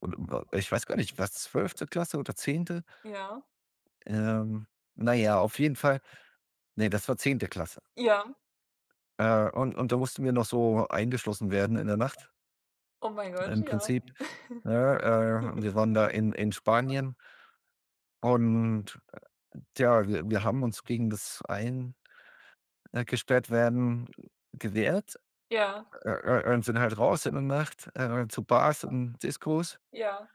Und wa ich weiß gar nicht, war's 12. Klasse oder 10.? Ja. Ähm, na ja, auf jeden Fall ne, das war 10. Klasse. Ja. Äh, und und da mussten wir noch so eingeschlossen werden in der Nacht Oh mein Gott, im ja. Prinzip. Ne, äh, wir waren da in, in Spanien und, äh, tja, wir, wir haben uns gegen das ein äh, gesperrt werden gewehrt, Ja. äh, äh, und sind halt raus in der Nacht, äh, zu Bars und Discos Ja.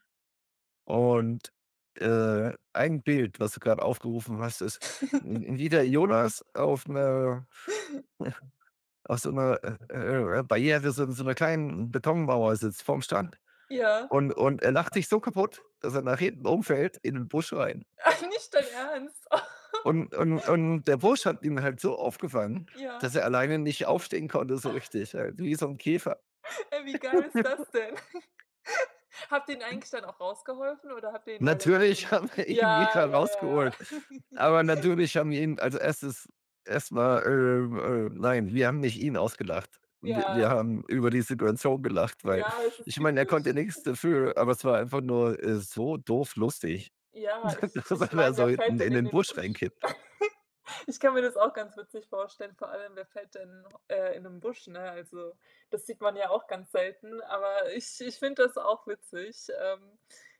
und, äh, ein Bild, was du gerade aufgerufen hast, ist w wie der Jonas auf 'ner auf so 'ner, äh, äh, äh, äh, Barriere, so 'n so 'ner kleinen Betonmauer sitzt vorm Strand Ja. und, und er lacht sich so kaputt, dass er nach hinten umfällt in 'nen Busch rein. Nicht dein Ernst. Und und und der Busch hat ihn halt so aufgefangen, Ja. dass er alleine nicht aufstehen konnte so richtig, halt wie so 'n Käfer. Ach. Ey, wie geil ist das denn? Habt ihr ihn [unintelligible] eigentlich dann auch rausgeholfen oder habt ihr ihn da gelassen? Natürlich haben wir ihn Ja, wieder ja, ja, ja. rausgeholt, aber natürlich haben wir ihn also, erst ist erst mal, ähm, äh nein, wir haben nicht ihn ausgelacht. Wir wir Ja. haben über die Situation gelacht, weil Ja, es ist ich meine, er typisch. konnte nix dafür, aber es war einfach nur, äh, so doof lustig, Ja, ich dass er ich da meine, wer so fällt hinten denn in in den den Busch Busch? rein kippt. Ich kann mir das auch ganz witzig vorstellen, vor allem wer fällt denn, äh, in 'nen Busch, ne? Also, das sieht man ja auch ganz selten. Aber ich ich finde das auch witzig. Ähm,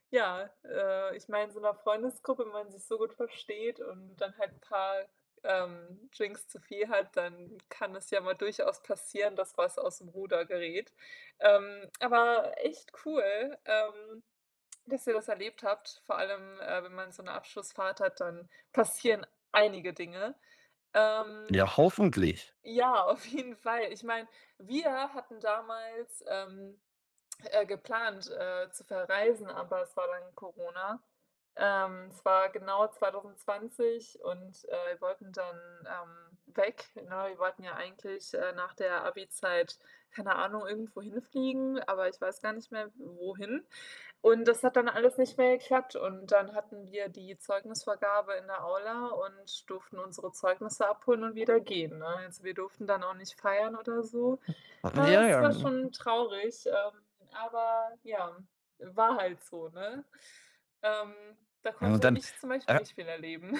ja, äh, ich meine, in so 'ner Freundesgruppe, wenn man sich so gut versteht und dann halt 'n paar, ähm, Drinks zu viel hat, dann kann es ja mal durchaus passieren, dass was aus'm Ruder gerät. Ähm, aber echt cool, ähm, dass ihr das erlebt habt, vor allem, äh, wenn man so 'ne Abschlussfahrt hat, dann passieren einige Dinge. Ähm, Ja, hoffentlich. ja, auf jeden Fall. Ich meine, wir hatten damals, ähm, äh, geplant, äh, zu verreisen, aber es war dann Corona. Ähm, es war genau 2020 und, äh, wir wollten dann, ähm, weg, ne? Wir wollten ja eigentlich, äh, nach der Abi-Zeit, keine Ahnung, irgendwo hinfliegen, aber ich weiß gar nicht mehr, wohin und das hat dann alles nicht mehr geklappt und dann hatten wir die Zeugnisvergabe in der Aula und durften unsere Zeugnisse abholen und wieder gehen, ne? Also, wir durften dann auch nicht feiern oder so. Ja, Ja, es ja. war Mhm. schon traurig, ähm, aber, ja, war halt so, ne? Ähm, da Ja, und konnte dann, ich zum Beispiel äh nicht viel erleben.